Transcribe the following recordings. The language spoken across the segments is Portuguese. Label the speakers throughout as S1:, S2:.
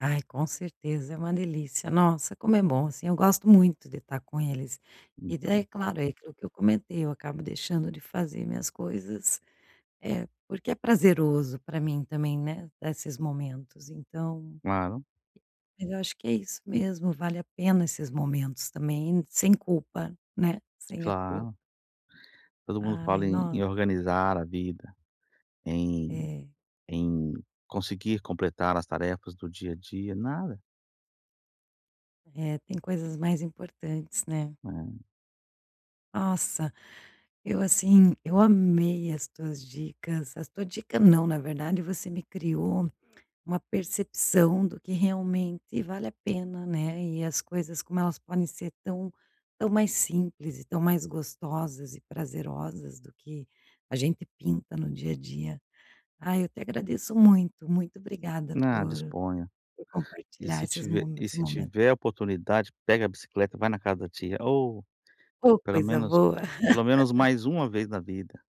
S1: Ai, com certeza. É uma delícia, nossa, como é bom, assim, eu gosto muito de estar com eles. E daí, é
S2: Então.
S1: claro, é aquilo que eu comentei, eu acabo deixando de fazer minhas coisas, eh, porque é prazeroso para mim também, né, desses momentos, então
S2: Claro.
S1: mas eu acho que é isso mesmo, vale a pena esses momentos também sem culpa, né. Sem a culpa.
S2: Claro. Todo mundo
S1: Ai,
S2: fala em em
S1: nossa.
S2: organizar a vida, em
S1: É.
S2: em conseguir completar as tarefas do dia a dia, nada.
S1: É, tem coisas mais importantes, né.
S2: É.
S1: Nossa, eu assim, eu amei as tuas dicas, as tua dica não, na verdade, você me criou uma percepção do que realmente vale a pena, né, e as coisas, como elas podem ser tão tão mais simples, e tão mais gostosas e prazerosas do que a gente pinta no dia a dia. Aí, eu te agradeço muito. Muito obrigada
S2: Não,
S1: por
S2: disponha.
S1: por
S2: E
S1: compartilhar
S2: se
S1: esses
S2: tiver
S1: mo
S2: e
S1: esse
S2: se
S1: momento.
S2: tiver a oportunidade, pega a bicicleta, vai na casa da tia. Oh!
S1: Ô
S2: Pelo
S1: coisa
S2: menos
S1: boa!
S2: pelo menos mais uma vez na vida,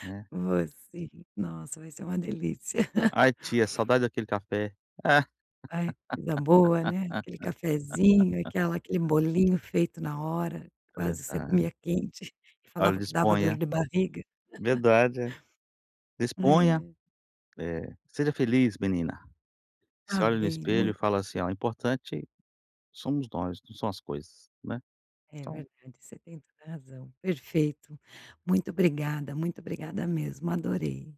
S2: né.
S1: Vou sim, nossa, vai ser uma delícia.
S2: "Ai tia, saudade daquele café".
S1: Ai, vida boa, né. Aquele cafezinho, aquela aquele bolinho feito na hora, quase você
S2: Verdade.
S1: comia quente, e
S2: Olha,
S1: falava que dava dor
S2: disponha.
S1: de barriga.
S2: Verdade. Disponha!
S1: É.
S2: Eh, seja feliz, menina!
S1: Tá
S2: Se olha no
S1: bem,
S2: espelho,
S1: muito
S2: fala assim: "Ó, o importante somos nós, não são as coisas, né.
S1: É
S2: Então"
S1: verdade, você tem toda a razão. Perfeito. Muito obrigada, muito obrigada mesmo, adorei.